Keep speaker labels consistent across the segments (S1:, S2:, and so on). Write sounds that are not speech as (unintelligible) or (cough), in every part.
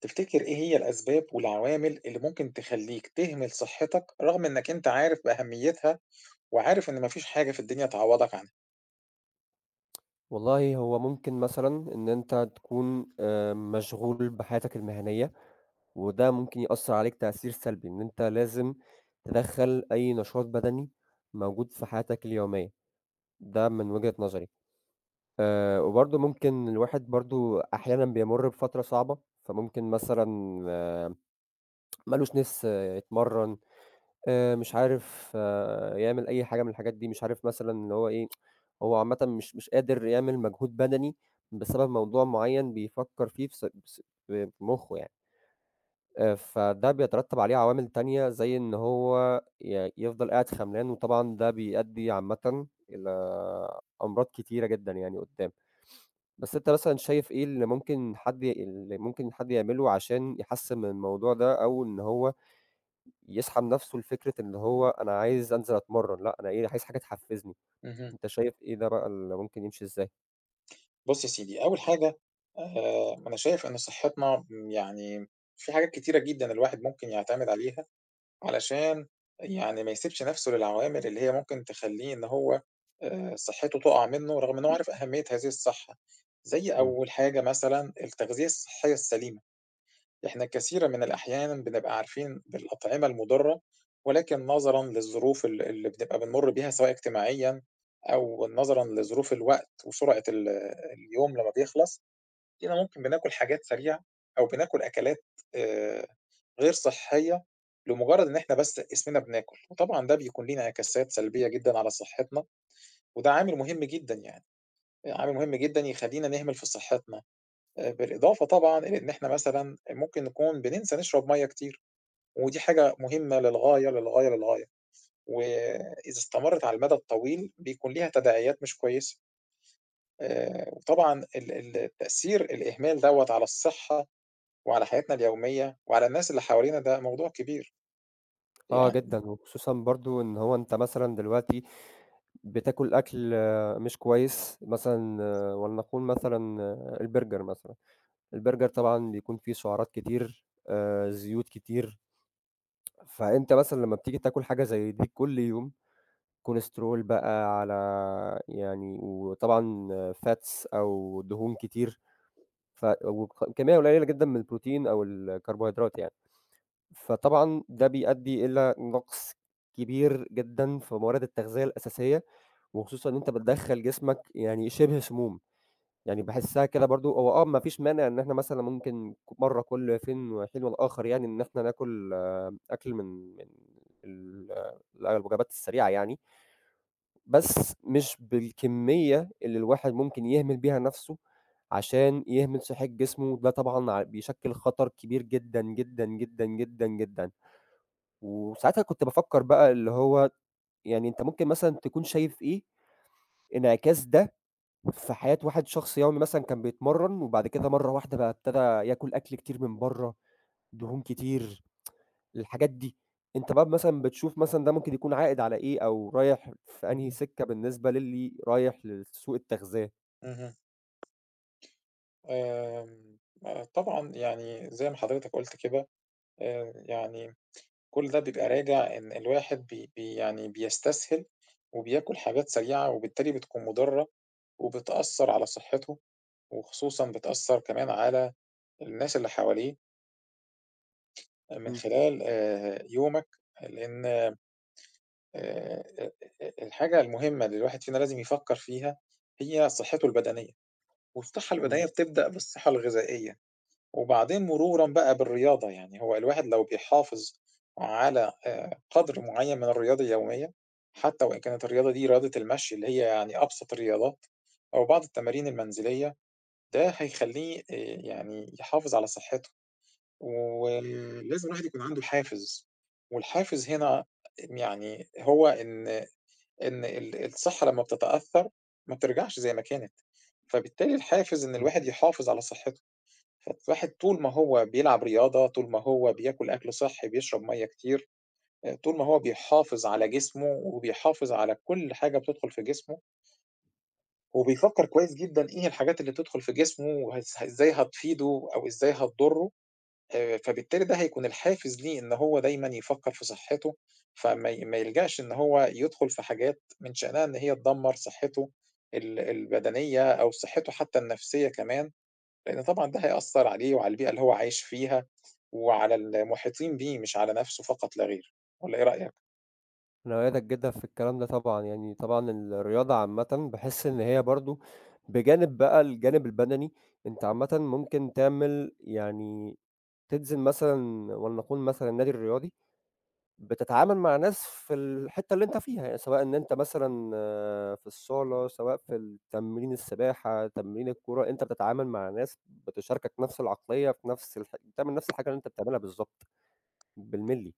S1: تفتكر إيه هي الأسباب والعوامل اللي ممكن تخلّيك تهمل صحّتك، رغم إنّك أنت عارف بأهميتها وعارف إن ما فيش حاجة في الدنيا تعوّضك عنها؟
S2: والله هو ممكن مثلًا إن أنت تكون آآ مشغول بحياتك المهنية وده ممكن يأثّر عليك تأثير سلبي، إن أنت لازم تدَخّل أي نشاط بَدَني موجود في حياتك اليومية ده من وجهة نظري. آآ وبرضه ممكن الواحد برضه أحيانًا بيمُر بفترة صعبة، فممكن مثلًا (tsk) مالوش ناس يتمرَّن، آآ مش عارف يعمل أي حاجة من الحاجات دي، مش عارف مثلًا إن هو إيه، (tsk) هو عامةً مش مش قادر يعمل مجهود بَدَني بسبب موضوع معيّن بيفكّر فيه في ص في ص في مُخّه يعني. آآ فده بيترتَّب عليه عوامل تانية، زي إن هو ي يفضل قاعد خَمْلان وطبعًا ده بيؤدّي عامةً إلى أمراض كتيرة جدًا يعني قُدّام. (sniffs) بس أنت مثلًا شايف إيه اللي ممكن حد اللي ممكن حد يعمله عشان يحسِّن من الموضوع ده، أو إن هو يسحب نَفْسه لفكرة إن هو أنا عايز أنزل أتمرَّن لأ أنا إيه، عايز حاجة تحفِّزني،
S1: اهم.
S2: أنت شايف إيه ده بقى اللي ممكن يمشي إزاي؟
S1: بُص يا سيدي، أول حاجة آآ أنا شايف إن صحتنا م يعني في حاجات كتيرة جدًا الواحد ممكن يعتمد عليها علشان يعني ما يسيبش نفسه للعوامل اللي هي ممكن تخلّيه إن هو آآ صحته تقع منه رغم إن هو عارف أهمية هذه الصحة. زي
S2: إمم.
S1: أول حاجة مثلًا التغذية الصحية السليمة. إحنا كثيرًا من الأحيان بنبقى عارفين بالأطعمة المضرة، ولكن نظرًا للظروف ال اللي بتبقى بنمر بيها سواء اجتماعيًا أو نظرًا لظروف الوقت وسرعة ال اليوم لمّا بيخلص، تلاقينا ممكن بناكل حاجات سريعة أو بناكل أكلات آآ غير صحية لمجرد إن إحنا بس اسمنا بناكل، وطبعًا ده بيكون ليه انعكاسات سلبية جدًا على صحتنا، وده عامل مُهم جدًا يعني، آآ عامل مُهم جدًا يخلّينا نهمل في صحتنا. آآ بالإضافة طبعًا إلى إن إحنا مثلًا ممكن نكون بننسى نشرب مَيَّه كتير ودي حاجة مُهمة للغاية للغاية للغاية، وإذا استمرت على المدى الطويل بيكون ليها تداعيات مش كويسة. آآ وطبعًا ال ال التأثير الإهمال دوّة على الصحة وعلى حياتنا اليومية وعلى الناس اللي حوالينا ده موضوع كبير.
S2: آه
S1: يعني
S2: جدًا، وخصوصًا برضه إن هو أنت مثلًا دلوقتي بتاكل أكل مش كويس مثلًا ولنقول مثلًا البرجر مثلًا. البرجر طبعًا بيكون فيه سُعرات كتير، آآ زيوت كتير. فأنت مثلًا لمّا بتيجي بتاكل حاجة زي دي كل يوم، كوليسترول بقى على يعني وطبعًا fats أو دهون كتير ف وك كمية قليلة جدًا من البروتين أو الكربوهيدرات يعني. فطبعًا ده بيأدي إلى نقص كبير جدًا في موارد التغذية الأساسية، وخصوصًا إن أنت بتدخّل جسمك يعني شبه سموم. يعني باحسها كده برضه هو آه ما فيش مانع إن إحنا مثلًا ممكن ك مرّة كُل فين وحين والآخر يعني إن إحنا ناكل أكل من من ال الوجبات السريعة يعني. بس مش بالكمية اللي الواحد ممكن يهمل بيها نفسه عشان يهمل صحة جسمه، ده طبعًا ع بيشكل خطر كبير جدًا، جدًا، جدًا، جدًا، جدًا. وساعتها كنت بافكر بقى اللي هو يعني أنت ممكن مثلًا تكون شايف إيه، انعكاس ده في حياة واحد شخص يومي مثلًا كان بيتمرن وبعد كده مرّة واحدة بقى ابتدا ياكل أكل كتير من برّه، دهون كتير، (tsk) الحاجات دي. أنت بقى مثلًا بتشوف مثلًا ده ممكن يكون عائد على إيه أو رايح في أنهي
S1: (unintelligible)
S2: سكة بالنسبة للي رايح لسوق التغذية؟
S1: اهم. آمم، آآ، طبعًا يعني زي ما حضرتك قُلت كده آآ يعني كل ده بيبقى راجع إن الواحد بي بي يعني بيستسهل وبياكُل حاجات سريعة وبالتالي بتكون مُضرّة وبتأثّر على صحّته وخصوصًا بتأثّر كمان على الناس اللي حواليه. من
S2: إمم.
S1: خلال آآ يومك، لإن آآ، أ أ الحاجة المهمة اللي الواحد فينا لازم يفكّر فيها هي صحّته البدنية، والصحّة
S2: إمم.
S1: البدنية بتبدأ بالصحّة الغذائية، وبعدين مرورًا بقى بالرياضة، يعني هو الواحد لو بيحافظ على آآ قَدْر معيّن من الرياضة اليومية، حتّى وإن كانت الرياضة دي رياضة المشي اللي هي يعني أبسط الرياضات أو بعض التمارين المنزلية، ده هيخلّيه آآ يعني يحافظ على صحّته، وم لازم الواحد يكون عنده حافز والحافز هنا م يعني هو إن إن ال الصحّة لمّا بتتأثّر ما بترجعش زي ما كانت، فبالتالي الحافز إن
S2: إمم.
S1: الواحد يحافظ على صحّته، فالواحد طول ما هو بيلعب رياضة، طول ما هو بياكُل أكل صحّي، بيشرب مَيّة كتير، آآ طول ما هو بيحافظ على جسمه وبيحافظ على كل حاجة بتدخُل في جسمه وبيفكّر كويس جدًا إيه هي الحاجات اللي تدخُل في جسمه وهز إزاي هتفيده أو إزاي هتضرّه، آآ فبالتالي ده هيكون الحافز ليه إن هو دايمًا يفكّر في صحّته، فما ي ما يلجأش إن هو يدخُل في حاجات من شأنها إن هي تدمّر صحّته ال البدنية أو صحّته حتّى النفسية كمان، لإن طبعًا ده هيأثّر عليه وعلى البيئة اللي هو عايش فيها وعلى المحيطين بيه مش على نَفْسه فقط لا غير، والَّا إيه رأيك؟
S2: أنا أؤيّدك جدًا في الكلام ده طبعًا، يعني طبعًا الرياضة عامةً باحس إن هي برضه بجانب بقى الجانب البَدَني، أنت عامةً ممكن تعمل يعني تنزل مثلًا ولنقول مثلًا النادي الرياضي، بتتعامل مع ناس في الحتّة اللي أنت فيها، سواء إن أنت مثلًا في الصالة، سواء في التمرين السباحة، تمرين الكورة، أنت بتتعامل مع ناس بتشاركك نَفْس العقلية في نَفْس الح بتعمل نَفْس الحاجة اللي أنت بتعملها بالضبط، بالمللي،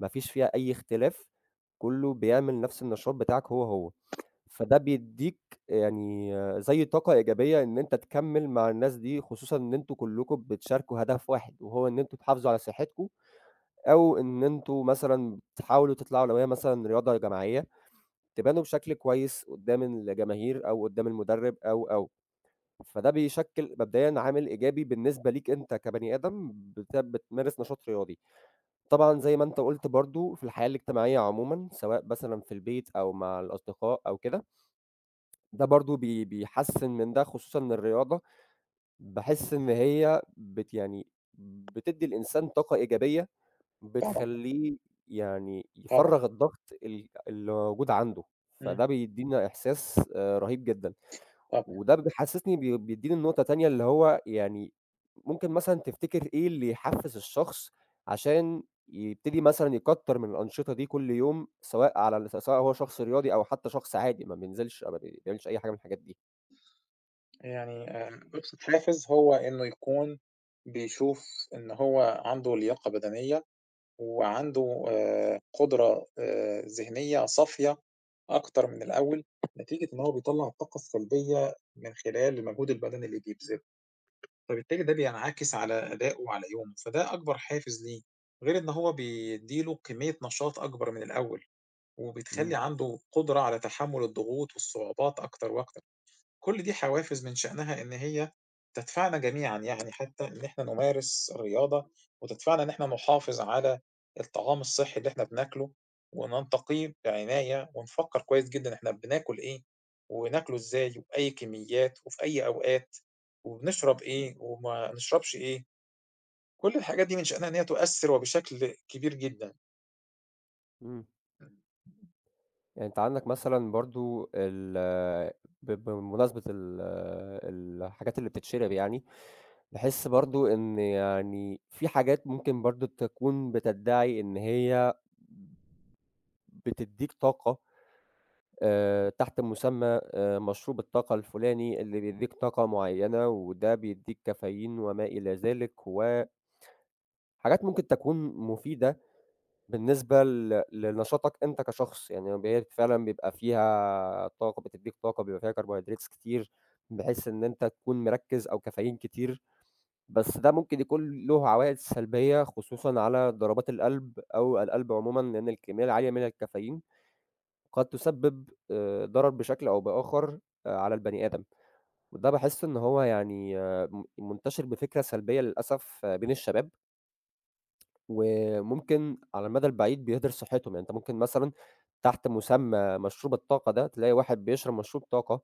S2: ما فيش فيها أي اختلاف كُلّه بيعمل نَفْس النشاط بتاعك هو، هو. فده بيدّيك يعني زي طاقة إيجابية إن أنت تكمِّل مع الناس دي خصوصًا إن أنتم كُلّكم بتشاركوا هدف واحد وهو إن أنتم تحافظوا على صحّتكم أو إن أنتم مثلًا تحاولوا تطلعوا، لو هي مثلًا رياضة جماعية، تبانوا بشكل كويس قُدّام الجماهير أو قُدّام المُدرِّب أو، أو. فده بيشكِّل مبدئيًا عامل إيجابي بالنسبة ليك أنت كبني آدم بت بتمارس نشاط رياضي. طبعًا زي ما أنت قُلت برضه في الحياة الاجتماعية عمومًا سواء مثلًا في البيت أو مع الأصدقاء أو كده، ده برضه بي بيحسِّن من ده خصوصًا إن الرياضة باحس إن هي بت يعني بتدّي الإنسان طاقة إيجابية
S1: طبعًا.
S2: بتخلّيه يعني
S1: طبعًا.
S2: يفرَّغ الضغط ال اللي موجود عنده،
S1: إمم.
S2: فده بيدّينا إحساس آآ رهيب جدًا.
S1: طبعًا.
S2: وده ب بيحسّسني بي بيدّيني لنقطة تانية اللي هو يعني ممكن مثلًا تفتكر إيه اللي يحفّز الشخص عشان يبتدي مثلًا يكتر من الأنشطة دي كل يوم سواء على ال س سواء هو شخص رياضي أو حتّى شخص عادي ما بينزلش أو ما بيعملش أي حاجة من الحاجات دي؟
S1: آآ يعني آآ أبسط حافز هو إنه يكون بيشوف إن هو عنده لياقة بدنية وعنده آآ قدرة آآ ذهنية صافية أكتر من الأول نتيجة إن هو بيطلّع الطاقة السلبية من خلال المجهود البدني اللي بيبذله. فبالتالي ده بينعكس على أدائه وعلى يومه، فده أكبر حافز ليه غير إن هو بيدّي له كمية نشاط أكبر من الأول وبتخلّي
S2: إمم.
S1: عنده قدرة على تحمّل الضغوط والصعوبات أكتر وأكتر، كل دي حوافز من شأنها إن هي تدفعنا جميعًا يعني حتى إن إحنا نمارس الرياضة، وتدفعنا إن إحنا نحافظ على الطعام الصحي اللي إحنا بناكله، وننتقيه بعناية، ونفكّر كويس جدًا إحنا بناكل إيه، وناكله إزاي وبأي كميات وفي أي أوقات، وبنشرب إيه وما نشربش إيه. كل الحاجات دي من شأنها إن هي تؤثّر وبشكل كبير جدًا.
S2: إمم.
S1: (unintelligible)
S2: آآ أنت عندك مثلًا برضه ال ب بمناسبة ال ال الحاجات اللي بتتشرب يعني، تحس برضه إن يعني في حاجات ممكن برضه تكون بتدعي إن هي بتدّيك طاقة آآ تحت مسمى آآ مشروب الطاقة الفلاني اللي بيّديك طاقة معيّنة وده بيدّيك caffeine وما إلى ذلك. و حاجات ممكن تكون مفيدة بالنسبة ل لنشاطك أنت كشخص، يعني فما بالك فعلًا بيبقى فيها طاقة بتدّيك طاقة بيبقى فيها Carbohydrates كتير بحيث إن أنت تكون مركِّز أو caffeine كتير بس ده ممكن يكون له عوائد سلبية خصوصًا على ضربات القلب أو القلب عمومًا لأن الكمية العالية من الcaffeine قد تسبب آآ ضرر بشكل أو بآخر على البني آدم، وده باحس إن هو يعني من منتشر بفكرة سلبية للأسف بين الشباب وممكن على المدى البعيد بيهدر صحتهُم يعني، أنت ممكن مثلًا تحت مُسمى مشروب الطاقة ده تلاقي واحد بيشرب مشروب طاقة.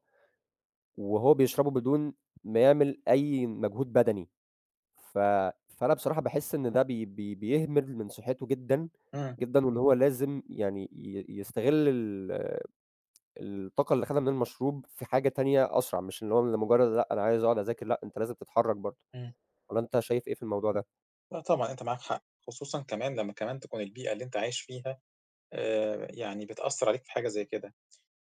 S2: وهو بيشربه بدون ما يعمل أي مجهود بدني، ف فأنا بصراحة باحس إن ده ب ب بيهمل من صحته جدًا
S1: إمم.
S2: جدًا واللي هو لازم يعني ي يستغل ال الطاقة اللي خدها من المشروب في حاجة تانية أسرع. مش اللي هو لمجرد لأ، أنا عايز أقعد أذاكر. لأ، أنت لازم تتحرك برضه.
S1: إمم.
S2: والّا أنت شايف إيه في الموضوع ده؟
S1: لا، طبعًا أنت معاك حق، خصوصًا كمان لمّا كمان تكون البيئة اللي أنت عايش فيها آآ يعني بتأثّر عليك في حاجة زي كده،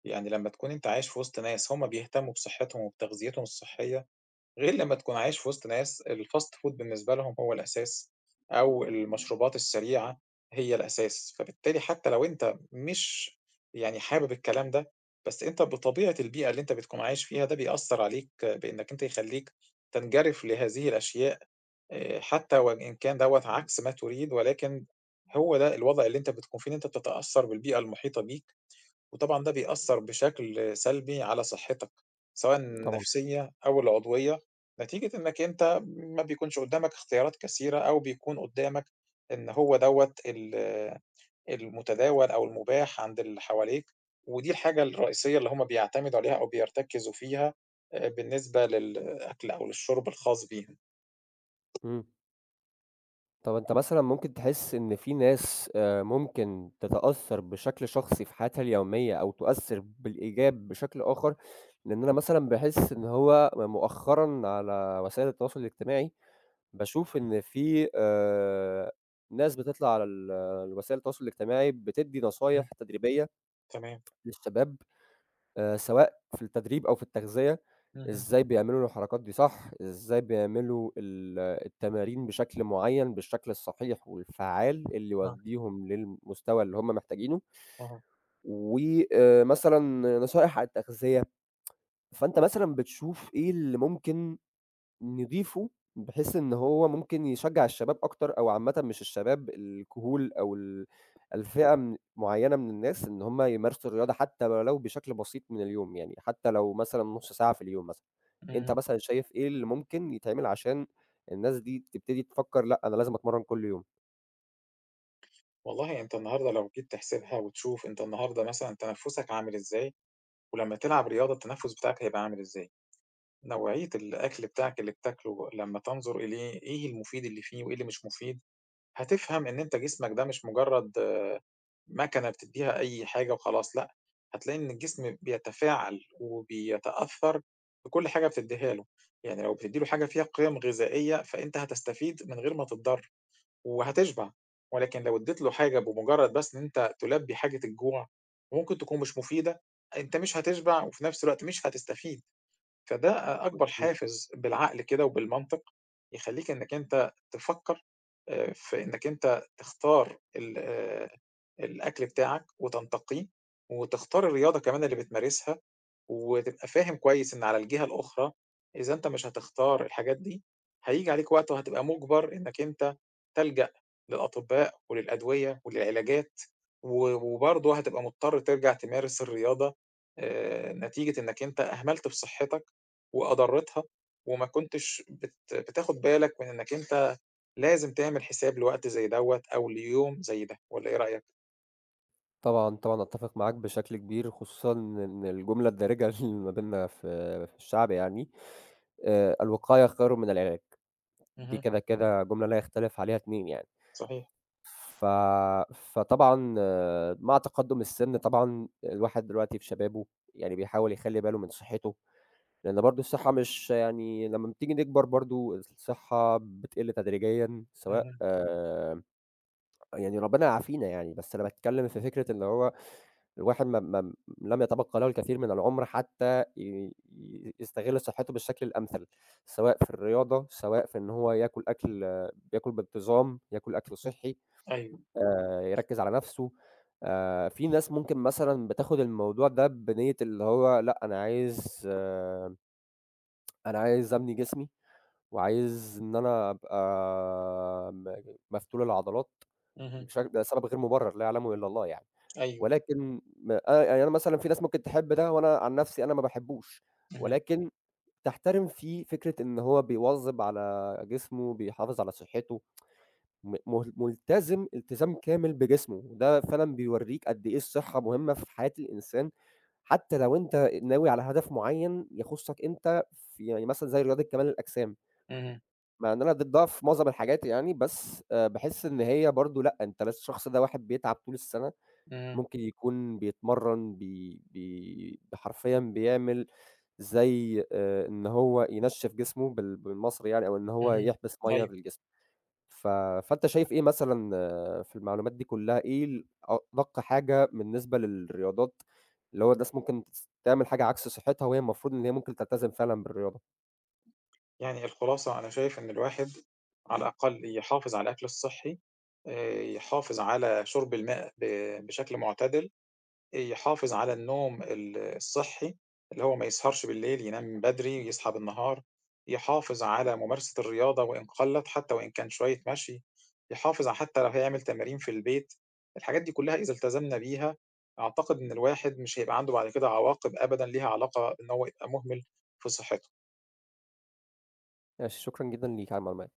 S1: يعني لمّا تكون أنت عايش في وسط ناس هُم بيهتموا بصحتهم وبتغذيتهم الصحية غير لمّا تكون عايش في وسط ناس الfast food بالنسبة لهم هو الأساس أو المشروبات السريعة هي الأساس، فبالتالي حتى لو أنت مش يعني حابب الكلام ده بس أنت بطبيعة البيئة اللي أنت بتكون عايش فيها ده بيأثّر عليك بإنّك أنت يخلّيك تنجرف لهذه الأشياء. آآ حتى وإن كان دوّة عكس ما تُريد، ولكن هو ده الوضع اللي أنت بتكون فيه إن أنت بتتأثّر بالبيئة المحيطة بيك، وطبعًا ده بيأثّر بشكل سلبي على صحتك سواءً
S2: طبعًا.
S1: النفسية أو العضوية نتيجة إنك أنت ما بيكونش قُدامك اختيارات كثيرة أو بيكون قُدامك إن هو دوّة ال المتداول أو المُباح عند اللي حواليك ودي الحاجة الرئيسية اللي هُم بيعتمدوا عليها أو بيرتكزوا فيها بالنسبة للأكل أو للشُرب الخاص بيهم.
S2: إمم. طَب أنت مثلًا ممكن تحس إن في ناس آآ ممكن تتأثّر بشكل شخصي في حياتها اليومية أو تؤثّر بالإيجاب بشكل آخَر، لإن أنا مثلًا باحس إن هو م مؤخرًا على وسائل التواصل الاجتماعي باشوف إن في آآ ناس بتطلع على ال الوسائل التواصل الاجتماعي بتدّي نصايح
S1: إمم.
S2: تدريبية
S1: تمام.
S2: للشباب آآ سواء في التدريب أو في التغذية
S1: اهم.
S2: إزاي بيعملوا الحركات دي صح، إزاي بيعملوا ال التمارين بشكل معيّن بالشكل الصحيح والفعّال اللي
S1: آه.
S2: يودّيهم للمستوى اللي هم محتاجينه
S1: أها.
S2: و آآ مثلًا نصائح عن التغذية، (tsk) فأنت مثلًا بتشوف إيه اللي ممكن نضيفه بحيث إن هو ممكن يشجّع الشباب أكتر أو عامةً مش الشباب الكهول أو ال الفئة من معيّنة من الناس إن هم يمارسوا الرياضة حتّى ولو بشكل بسيط من اليوم، يعني حتّى لو مثلًا نُص ساعة في اليوم مثلًا. أنت
S1: إمم.
S2: مثلًا شايف إيه اللي ممكن يتعمل عشان الناس دي تبتدي تفكّر لأ، أنا لازم أتمرّن كل يوم؟
S1: والله أنت النهارده لو جيت تحسبها وتشوف أنت النهاردة مثلًا تَنَفُّسك عامل إزاي ولمّا تلعب رياضة التَنَفُّس بتاعك هيبقى عامل إزاي. نوعية الأكل بتاعك اللي بتاكله لمّا تنظر إليه إيه المفيد اللي فيه وإيه اللي مش مفيد، هتفهم إن أنت جسمك ده مش مُجرّد ماكنة بتدّيها أي حاجة وخلاص لأ، هتلاقي إن الجسم بيتفاعل وبيتأثّر بكل حاجة بتدّيها له. يعني لو بتدّي له حاجة فيها قِيَم غذائية، فأنت هتستفيد من غير ما تتضر وهتشبع، ولكن لو ادّيت له حاجة بمُجرّد بس إن أنت تُلبّي حاجة الجوع وممكن تكون مش مفيدة، أنت مش هتشبع وفي نَفْس الوقت مش هتستفيد، فده أ أكبر
S2: مضبوط.
S1: حافز بالعقل كده وبالمنطق يخلّيك إنّك أنت تفكّر آآ في إنّك أنت تختار ال آآ الأكل بتاعك وتنتقيه وتختار الرياضة كمان اللي بتمارسها وتبقى فاهم كويس إن على الجهة الأخرى إذا أنت مش هتختار الحاجات دي، هييجي عليك وقت وهتبقى مُجبّر إنّك أنت تلجأ للأطباء وللأدوية وللعلاجات و وبرضه هتبقى مضطر ترجع تمارس الرياضة آآ نتيجة إنّك أنت أهملت في صحّتك وأضرّتها وما كنتش بت بتاخُد بالك من إنّك أنت لازم تعمل حساب لوقت زي دوّة أو ليوم زي ده، والَّا إيه رأيك؟
S2: طبعًا، طبعًا، أتّفِق معاك بشكل كبير خصوصًا إن الجملة الدارجة اللي ما بيننا في في الشعب يعني آآ، "الوقاية خيرٌ من العلاج." دي
S1: اهم.
S2: كده، كده جملة لا يختلِف عليها اتنين يعني،
S1: صحيح.
S2: ف فطبعًا مع تقدُّم السِّن طبعًا الواحد دلوقتي في شبابه يعني بيحاول يخلّي باله من صحّته لأن برضه الصحّة مش يعني، لمّا بتيجي نكبَر برضه الصحّة بتقِل تدريجيا سواء
S1: اهم.
S2: آآ، يعني ربّنا يعافينا يعني، بس أنا باتكلّم في فكرة إن هو الواحد ما ما لم يتبقى له الكثير من العُمر حتى ي يستغِلّ صحِّته بالشكل الأمثل، سواء في الرياضة، سواء في إن هو ياكل أكْل ياكل بانتظام، ياكل أكل صحّي،
S1: أيوه.
S2: آآ يركّز على نفْسه آآ، في ناس ممكن مثلًا بتاخُد الموضوع ده بنيّة اللي هو لأ، أنا عايز آآ أنا عايز أبني جسمي وعايز إن أنا أبقى م مفتول العضلات
S1: اهم.
S2: بش ده سبب غير مُبرَّر لا يعلمه إلا الله يعني،
S1: أيوه.
S2: ولكن م أ يعني أنا مثلًا في ناس ممكن تحِب ده وأنا عن نفْسي، أنا ما باحبّوش
S1: اهم.
S2: ولكن تحترِم فيه فكرة إن هو بيواظب على جسمه، بيحافظ على صحّته، (tsk) م م ملتزِم إلتزام كامل بجسمه، ده فعلًا بيورّيك قد إيه الصحّة مهمّة في حياة الإنسان حتى لو أنت ناوي على هدف معيّن يخُصّك أنت، في يعني مثلًا زي رياضة كمال الأجسام.
S1: اهم.
S2: مع إن أنا ضدّها في مُعظَم الحاجات يعني، بس آآ باحس إن هي برضه، لأ أنت ل الشخص ده واحد بيتعَب طُول السّنَة،
S1: إمم.
S2: ممكن يكون بيتمرّن بي بي بحرفيًا بيعمل زي آآ إن هو ينشِّف جسمه بال بالمصري يعني أو إن هو
S1: اهم،
S2: يحبِس مَيّة
S1: أيوه.
S2: بالجسم، ف فأنت شايف إيه مثلًا في المعلومات دي كلّها، إيه ال أدَق حاجة بالنسبة للرياضات اللي هو الناس ممكن بتس تعمل حاجة عكْس صحّتها وهي المفروض إن هي ممكن تلتزِم فعلًا بالرياضة؟
S1: يعني الخُلاصة أنا شايف إن الواحد على الأقل يحافظ على الأكل الصحّي آآ، يحافظ على شُرب الماء ب بشكْل معتدِل، أ يحافظ على النوم ال الصحّي اللي هو ما يسهَرش بالليل، ينام بدري، يصحى بالنهار، يحافظ على ممارسة الرياضة وإن قلَّت، حتى وإن كان شوية مشي، يحافظ حتى لو هيعمل تمارين في البيت، الحاجات دي كلّها إذا التزمنا بها أعتقد إن الواحد مش هيبقى عنده بعد كده عواقب أبدًا ليها علاقة إن هو يبقى مهمِل في صحّته.
S2: ماشي. شكرًا جدًا ليك علي المعلومات.